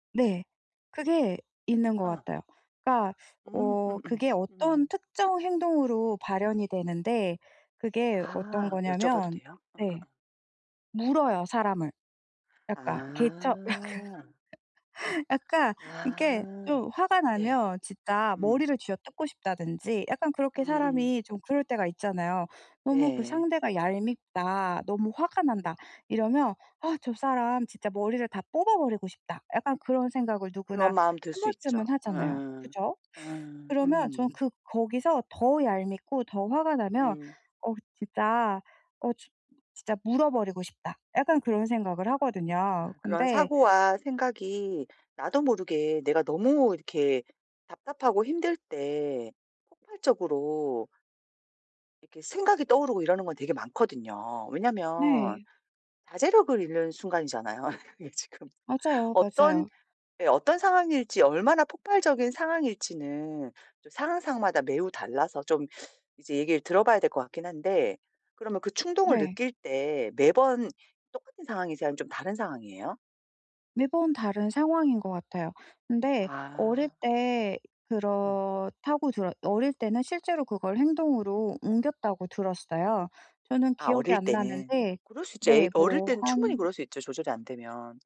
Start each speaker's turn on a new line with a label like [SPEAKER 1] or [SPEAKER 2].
[SPEAKER 1] 네. 그게 있는 것
[SPEAKER 2] 어.
[SPEAKER 1] 같아요. 그러니까
[SPEAKER 2] 음
[SPEAKER 1] 어
[SPEAKER 2] 음음
[SPEAKER 1] 그게 어떤
[SPEAKER 2] 음.
[SPEAKER 1] 특정 행동으로 발현이 되는데 그게 어떤
[SPEAKER 2] 아 여쭤봐도
[SPEAKER 1] 거냐면
[SPEAKER 2] 돼요?
[SPEAKER 1] 네
[SPEAKER 2] 어어어.
[SPEAKER 1] 물어요 사람을. 약간 개 처
[SPEAKER 2] 아.
[SPEAKER 1] 약간 약간 이렇게
[SPEAKER 2] 아
[SPEAKER 1] 좀 화가
[SPEAKER 2] 네.
[SPEAKER 1] 나면 진짜
[SPEAKER 2] 음.
[SPEAKER 1] 머리를 쥐어뜯고 싶다든지 약간 그렇게
[SPEAKER 2] 음음.
[SPEAKER 1] 사람이 좀 그럴 때가 있잖아요. 너무 그
[SPEAKER 2] 네.
[SPEAKER 1] 상대가 얄밉다 너무 화가
[SPEAKER 2] 음.
[SPEAKER 1] 난다 이러면 '아 저 사람 진짜 머리를 다 뽑아 버리고 싶다.' 약간 그런 생각을 누구나
[SPEAKER 2] 그런 마음 들
[SPEAKER 1] 1
[SPEAKER 2] 수 있죠.
[SPEAKER 1] 번쯤은 하잖아요.
[SPEAKER 2] 어어.
[SPEAKER 1] 그죠?
[SPEAKER 2] 어
[SPEAKER 1] 그러면 저는
[SPEAKER 2] 음.
[SPEAKER 1] 그 거기서 더 얄밉고 더 화가 나면
[SPEAKER 2] 음.
[SPEAKER 1] '어 진짜 어 진 진짜 물어 버리고 싶다.' 약간 그런 생각을 하거든요.
[SPEAKER 2] 아 그런
[SPEAKER 1] 근데
[SPEAKER 2] 사고와 생각이 나도 모르게 내가 너무 이렇게 답답하고 힘들 때 폭발적으로 이렇게 생각이 떠오르고 이러는 건 되게 많거든요. 왜냐하면
[SPEAKER 1] 네.
[SPEAKER 2] 자제력을 잃는 순간이잖아요. 그게 지금
[SPEAKER 1] 맞아요,
[SPEAKER 2] 어떤
[SPEAKER 1] 맞아요.
[SPEAKER 2] 네 어떤 상황일지 얼마나 폭발적인 상황일지는 또 상황 상황마다 매우 달라서 좀 이제 얘기를 들어봐야 될 것 같긴 한데 그러면 그 충동을
[SPEAKER 1] 네.
[SPEAKER 2] 느낄 때 매번 똑같은 상황이세요? 아니면 좀 다른 상황이에요?
[SPEAKER 1] 매번 다른 상황인 것 같아요. 근데 어릴
[SPEAKER 2] 아.
[SPEAKER 1] 때
[SPEAKER 2] 음.
[SPEAKER 1] 그렇다고 들었 어릴 때는 실제로 그걸 행동으로 옮겼다고 들었어요. 저는
[SPEAKER 2] 아
[SPEAKER 1] 기억이
[SPEAKER 2] 어릴
[SPEAKER 1] 안
[SPEAKER 2] 때는.
[SPEAKER 1] 나는데
[SPEAKER 2] 그럴 수 있죠. 애
[SPEAKER 1] 네
[SPEAKER 2] 어릴
[SPEAKER 1] 뭐
[SPEAKER 2] 때는 충분히
[SPEAKER 1] 한
[SPEAKER 2] 그럴 수 있죠, 조절이 안 되면.